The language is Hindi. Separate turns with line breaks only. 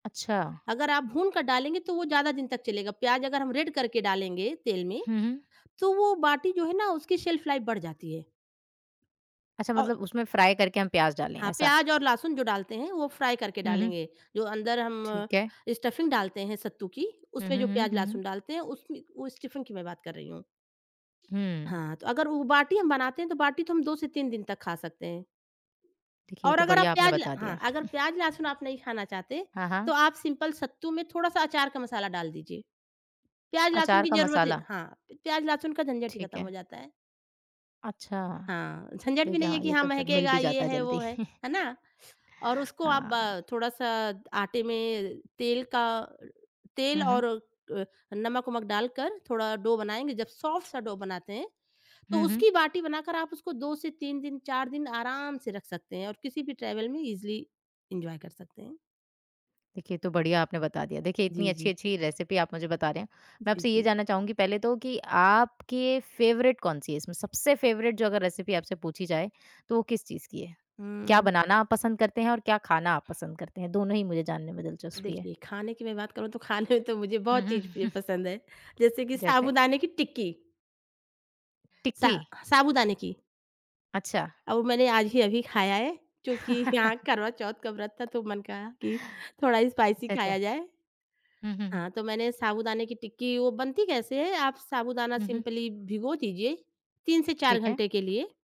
अच्छा।
अगर आप भून कर डालेंगे तो वो ज़्यादा दिन तक चलेगा। प्याज़ अगर हम रेड करके डालेंगे तेल में,
हुँ, हुँ।
तो वो बाटी जो है ना उसकी शेल्फ लाइफ़ बढ़ जाती है।
अच्छा,
औ
मतलब उसमें फ्राई करके हम प्याज़ डालें,
हाँ,
ऐसा?
प्याज़ और लहसुन जो डालते हैं, वो फ्राई करके
हुँ, हुँ।
डालेंगे। जो अंदर हम
ठीक है।
स्टफिंग डालते हैं सत्तू की,
हुँ, हुँ,
उसमें जो
हुँ।
प्याज़,
हुँ,
लहसुन
हुँ।
डालते हैं, उसमें उ स्टफिंग की मैं बात कर रही हूँ।
हुँ।
हाँ, तो अगर वो बाटी हम बनाते हैं, तो बाटी तो हम 2 से 3 दिन तक खा सकते हैं।
ठीक है, ये
और
तो
अगर आप
बढ़िया आपने
प्याज़ ल
बता
हाँ,
दिया।
अगर प्याज़ लहसुन आप नहीं खाना चाहते,
हाँ, हाँ।
तो आप सिंपल सत्तू में थोड़ा-सा अचार का मसाला डाल दीजिए। प्याज़, लहसुन
अचार
की
का
ज़रूरत ही
मसाला।
हाँ, प प्याज़, लहसुन का झंझट ही
ठीक
खत्म हो
है।
जाता है।
अच्छा।
हाँ, झंझट भी
देखिए,
नहीं है
हाँ,
कि
ये
हाँ
तो फिर मिल
महकेगा,
भी
ये
जाता है
है, वो
जल्दी।
है, है ना? और उसको आप
हाँ।
ब थोड़ा-सा आटे में तेल का अ, तेल
हुँ, हुँ।
और अ, नमक-वमक डालकर थोड़ा डो बनाएँगे। जब सॉफ्ट सा डो बनाते हैं, तो
हुँ, हुँ।
उसकी बाटी बनाकर आप उसको 2 से 3 दिन, 4 दिन आराम से रख सकते हैं और किसी भी ट्रेवल में इज़िली एन्जॉय कर सकते हैं।
देखिए, ये तो बढ़िया आपने बता दिया। देखिए, इतनी
जी, जी।
अच्छी-अच्छी रेसिपी आप मुझे बता रहे हैं, मैं
जी,
आपसे ये
जी।
जानना चाहूँगी पहले तो कि आपके फ़ेवरेट कौन-सी है इसमें? सबसे फ़ेवरेट जो अगर रेसिपी आपसे पूछी जाए, तो वो किस चीज़ की है? क्या
हुँ।
बनाना आप पसंद करते हैं और क्या खाना आप पसंद करते हैं? दोनों ही मुझे जानने में दिलचस्पी है।
देखिए, खाने की मैं बात करूँ तो खाने तो मुझे
हुँ,
बहुत
हुँ।
चीज़ प्रिय पसंद है, जैसे कि
जैसे?
साबूदाने की टिक्की। सा
टिक्की।
साबूदाने की।
अच्छा।
अब मैंने आज ही अभी खाया है। क्योंकि यहाँ करवा चौथ का व्रत था, तो मन कहा कि थोड़ा
अच्छा,
स्पाइसी खाया
अच्छा।
जाए।
हुँ, हुँ, हुँ।
हाँ, तो मैंने साबूदाने की टिक्की वो बनती कैसे है? आप साबूदाना
हुँ, हुँ।
सिम्पली भिगो दीजिए, 3 से 4
ठीक है।
घंटे के लिए